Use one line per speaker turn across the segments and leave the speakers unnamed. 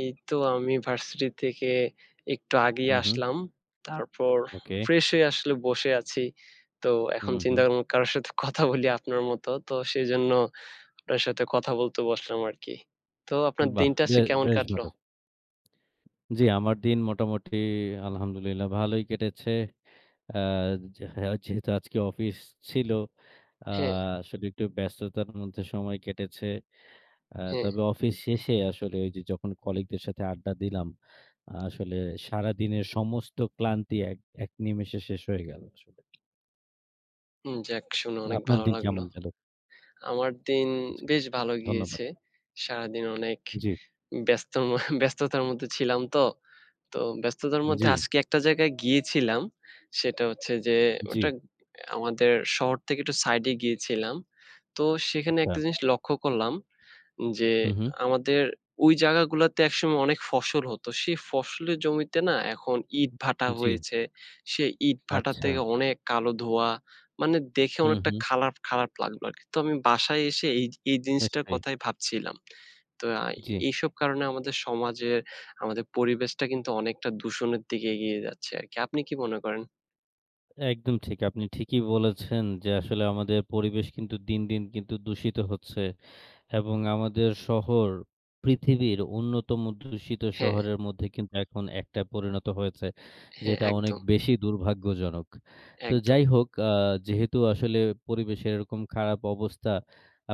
এই তো আমি ভার্সিটি থেকে একটু আগেই
হুম, হুম।
আসলাম। তারপর
ওকে।
fresh হয়ে আসলে বসে আছি। তো এখন
হুম,
চিন্তা
হুম।
করলাম কারো সাথে কথা বলি আপনার মতো। তো সেজন্য আপনার সাথে কথা বলতে বসলাম আরকি। তো আপনার
বাহ!
দিনটা
বে
আজকে কেমন
বেশ
কাটলো?
ভালো। জি, আমার দিন মোটামুটি আলহামদুলিল্লাহ ভালোই কেটেছে। অ্যা যে, যে যেহেতু আজকে অফিস ছিল, আ
হ্যাঁ।
সেটা একটু ব্যস্ততার মধ্যে সময় কেটেছে। আ
হ্যাঁ।
তবে অফিস শেষে, আসলে ওই যে, যখন colleague দের সাথে আড্ডা দিলাম, আসলে সারা দিনের সমস্ত ক্লান্তি এক, এক নিমিষে শেষ হয়ে গেল আসলে।
হুম, যাক শুনে অনেক
আপনার
ভালো
দিন
লাগলো।
কেমন গেল?
আমার দিন
জি,
বেশ ভালো
ধন্যবাদ।
গিয়েছে। সারাদিন অনেক
জি।
ব্যস্ত মা ব্যস্ততার মধ্যে ছিলাম তো। তো ব্যস্ততার মধ্যে
জি।
আজকে একটা জায়গায় গিয়েছিলাম। সেটা হচ্ছে যে, ওটা
জি।
আমাদের শহর থেকে একটু side-এ গিয়েছিলাম। তো সেখানে একটা
[unintelligible]
জিনিস লক্ষ্য করলাম যে,
হুম, হুম।
আমাদের ওই জায়গাগুলোতে একসময় অনেক ফসল হতো। সেই ফসলের জমিতে না, এখন ইটভাটা
জি।
হয়েছে। সেই ইটভাটা থেকে
আচ্ছা।
অনেক কালো ধোঁয়া। মানে, দেখে
হুম,
অনেকটা
হুম।
খারাপ, খারাপ লাগলো আরকি। তো আমি বাসায় এসে এই, এই জিনিসটার
নিশ্চয়ই।
কথাই ভাবছিলাম। তো
জি।
এইসব কারণে আমাদের সমাজের, আমাদের পরিবেশটা কিন্তু অনেকটা দূষণের দিকে এগিয়ে যাচ্ছে আরকি। আপনি কি মনে করেন?
একদম ঠিক। আপনি ঠিকই বলেছেন যে, আসলে আমাদের পরিবেশ কিন্তু দিন, দিন কিন্তু দূষিত হচ্ছে। এবং আমাদের শহর পৃথিবীর অন্যতম দূষিত
হ্যাঁ।
শহরের মধ্যে কিন্তু এখন একটা পরিণত হয়েছে,
হ্যাঁ,
যেটা অনেক
একদম।
বেশি দুর্ভাগ্যজনক। তো
একদম।
যাই হোক, আ যেহেতু আসলে পরিবেশের এরকম খারাপ অবস্থা,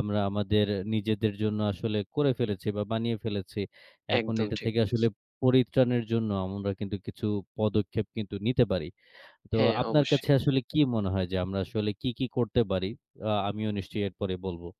আমরা আমাদের নিজেদের জন্য আসলে করে ফেলেছি, বা বানিয়ে ফেলেছি, এখন
একদম
এটা
ঠিক
থেকে আসলে
বলেছো।
পরিত্রাণের জন্য আমরা কিন্তু কিছু পদক্ষেপ কিন্তু নিতে পারি। তো
হ্যাঁ,
আপনার কাছে
অবশ্যই।
আসলে কি মনে হয় যে, আমরা আসলে কি কি করতে পারি? আ আমিও নিশ্চয়ই এরপরে বলব।